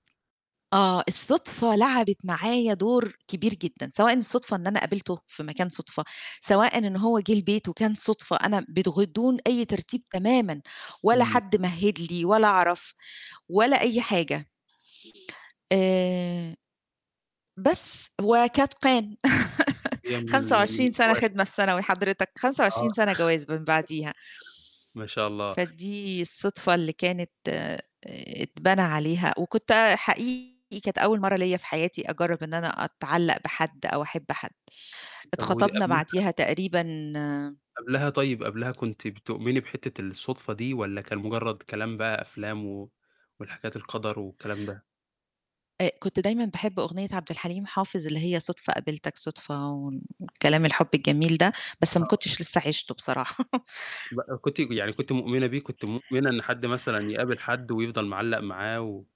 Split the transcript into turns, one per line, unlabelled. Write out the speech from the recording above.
آه، الصُدفة لعبت معايا دور كبير جدًا، سواء إن الصُدفة إن أنا قابلته في مكان صُدفة، سواءً إن هو جِه البيت وكان صُدفة أنا م بدون أي ترتيب تمامُا، ولا
إمم.
حد مهّد لي ولا أعرف ولا أي حاجة. آآ بس وقد كان.
[unintelligible] من
خمسة
ال من
وعشرين سَنة
النوادر.
خدمة في ثانوي حضرتك، خمسة
آه.
وعشرين سَنة جواز من بعديها،
ما شاء الله.
فدي الصدفة اللي كانت آآ اتبنى عليها وكنت حقيقي كانت أول مرّة ليّا في حياتي أجرّب إن أنا أتعلّق بحد أو أحب حد.
طَب ودي
اتخطبنا
قبلها
بعديها تقريبًا
قبلها طيب، قبلها كنتِ بتؤمني بحتّة الصُدفة دي والّا كان مُجرّد كلام بقى أفلام و والحكايات القَدَر والكلام ده؟
آآ كنت دايمًا باحب أغنية عبد الحليم حافظ اللي هي صُدفة قابلتك صُدفة و الكلام الحُب الجميل ده، بس ما
آه.
كنتش لسّه عِشته بصراحة.
بقى كنتِ يعني كنتِ مؤمنة بيه؟ كنتِ مؤمنة إن حد مثلًا يقابل حد ويفضل معلّق معاه و